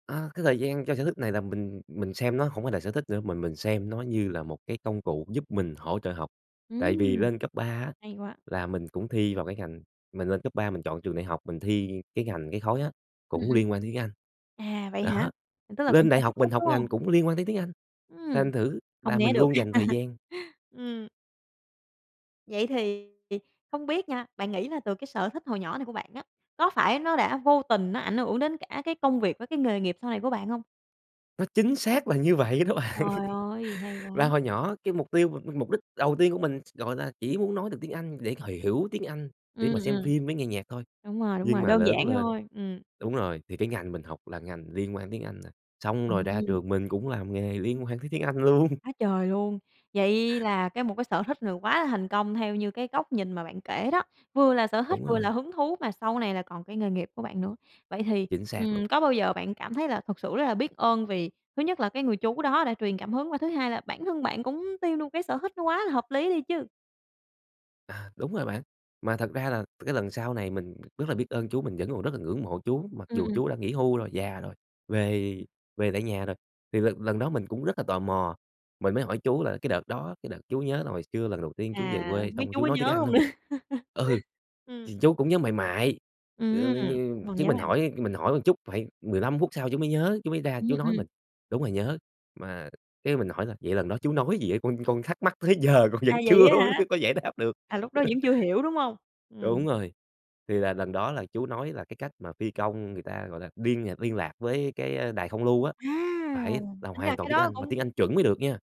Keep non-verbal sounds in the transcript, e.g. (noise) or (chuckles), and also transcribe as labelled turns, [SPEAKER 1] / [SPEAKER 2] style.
[SPEAKER 1] A, cái thời gian cho sở thích này là mình mình xem nó hổng phải là sở thích nữa, mà mình xem nó như là một cái công cụ giúp mình hỗ trợ học, tại vì
[SPEAKER 2] Ừm!
[SPEAKER 1] lên cấp 3 á,
[SPEAKER 2] Hay quá.
[SPEAKER 1] là mình cũng thi vào cái ngành mình lên cấp 3 mình chọn trường đại học, mình thi, ơ, cái ngành cái khối á,
[SPEAKER 2] Ừm,
[SPEAKER 1] cũng
[SPEAKER 2] ừm.
[SPEAKER 1] liên quan đến tiếng Anh.
[SPEAKER 2] À, vậy hả?
[SPEAKER 1] Đó.
[SPEAKER 2] Tức là cũng
[SPEAKER 1] Lên đại
[SPEAKER 2] phải tiếp
[SPEAKER 1] học mình
[SPEAKER 2] xúc,
[SPEAKER 1] học
[SPEAKER 2] đúng hông?
[SPEAKER 1] ngành cũng liên quan tới tiếng Anh,
[SPEAKER 2] Ừm.
[SPEAKER 1] thành thử
[SPEAKER 2] Hông
[SPEAKER 1] là
[SPEAKER 2] né
[SPEAKER 1] mình
[SPEAKER 2] được.
[SPEAKER 1] luôn dành thời
[SPEAKER 2] (chuckles)
[SPEAKER 1] gian
[SPEAKER 2] Ừm. Vậy thì, ì, không biết nha, bạn nghĩ là từ cái sở thích hồi nhỏ này của bạn á, có phải nó đã vô tình nó ảnh hưởng đến cả cái công việc với cái nghề nghiệp sau này của bạn hông?
[SPEAKER 1] Nó chính xác là như vậy đó bạn
[SPEAKER 2] Trời ơi, hay quá!
[SPEAKER 1] và hồi nhỏ cái mục tiêu mà mục đích đầu tiên của mình, gọi là, chỉ muốn nói được tiếng Anh để h hiểu tiếng Anh, để
[SPEAKER 2] Ừm,
[SPEAKER 1] mà xem
[SPEAKER 2] ừm.
[SPEAKER 1] phim với nghe nhạc thôi,
[SPEAKER 2] Đúng rồi, đúng
[SPEAKER 1] nhưng
[SPEAKER 2] rồi,
[SPEAKER 1] mà
[SPEAKER 2] đơn
[SPEAKER 1] lớn
[SPEAKER 2] giản
[SPEAKER 1] lên
[SPEAKER 2] thôi, ừm.
[SPEAKER 1] đúng rồi, thì cái ngành mình học là ngành liên quan đến tiếng Anh, a, xong rồi ra
[SPEAKER 2] Ừm!
[SPEAKER 1] trường mình cũng làm nghề liên quan đến tiếng Anh luôn.
[SPEAKER 2] Quá trời luôn! Vậy là cái một cái sở thích là quá là thành công theo như cái góc nhìn mà bạn kể đó, vừa là sở thích,
[SPEAKER 1] Đúng
[SPEAKER 2] vừa là
[SPEAKER 1] rồi.
[SPEAKER 2] hứng thú mà sau này là còn cái nghề nghiệp của bạn nữa. Vậy thì,
[SPEAKER 1] Chính xác luôn.
[SPEAKER 2] ừm, có bao giờ bạn cảm thấy là thực sự rất là biết ơn vì thứ nhất là cái người chú đó đã truyền cảm hứng và thứ hai là bản thân bạn cũng tiêu luôn cái sở thích nó quá là hợp lý đi chứ?
[SPEAKER 1] À, đúng rồi bạn, mà thật ra là cái lần sau này mình rất là biết ơn chú, mình vẫn còn rất là ngưỡng mộ chú, mặc
[SPEAKER 2] Ừm,
[SPEAKER 1] dù
[SPEAKER 2] ừm.
[SPEAKER 1] chú đã nghỉ hưu rồi, già rồi, về về tại nhà rồi. Thì lần lần đó mình cũng rất là tò mò, mình mới hỏi chú là "Cái đợt đó, cái đợt chú nhớ là hồi xưa lần đầu tiên chú về
[SPEAKER 2] À,
[SPEAKER 1] quê
[SPEAKER 2] biết
[SPEAKER 1] xong
[SPEAKER 2] chú
[SPEAKER 1] chú
[SPEAKER 2] có
[SPEAKER 1] nói tiếng
[SPEAKER 2] nhớ
[SPEAKER 1] Anh
[SPEAKER 2] hông nữa?
[SPEAKER 1] hông?" Ừ.
[SPEAKER 2] (chuckles) Ừm.
[SPEAKER 1] Thì chú cũng nhớ mại mại, ừ, m
[SPEAKER 2] Ừm!
[SPEAKER 1] như
[SPEAKER 2] Còn
[SPEAKER 1] chứ
[SPEAKER 2] nhớ
[SPEAKER 1] mình
[SPEAKER 2] mại mại.
[SPEAKER 1] hỏi mình hỏi chút phải 15 phút sau chú mới nhớ, chú mới ra
[SPEAKER 2] Ừm,
[SPEAKER 1] chú nói
[SPEAKER 2] ừm.
[SPEAKER 1] mình: "Đúng rồi nhớ." Mà cái mình hỏi là "Vậy lần đó chú nói gì á, con con thắc mắc tới giờ con
[SPEAKER 2] À,
[SPEAKER 1] vẫn
[SPEAKER 2] vậy
[SPEAKER 1] chưa
[SPEAKER 2] á hả?
[SPEAKER 1] (laughs) có giải đáp được."
[SPEAKER 2] À, lúc đó vẫn
[SPEAKER 1] (chuckles)
[SPEAKER 2] chưa hiểu, đúng hông? Ừm.
[SPEAKER 1] Đúng rồi. Thì là lần đó là chú nói là cái cách mà phi công người ta, gọi là, biên à, liên lạc với cái, a, đài không lưu á,
[SPEAKER 2] À!
[SPEAKER 1] phải là
[SPEAKER 2] Tính ra
[SPEAKER 1] hoàn toàn
[SPEAKER 2] cái
[SPEAKER 1] tiếng
[SPEAKER 2] đó
[SPEAKER 1] Anh, mà tiếng
[SPEAKER 2] cũng
[SPEAKER 1] Anh chuẩn mới được nha.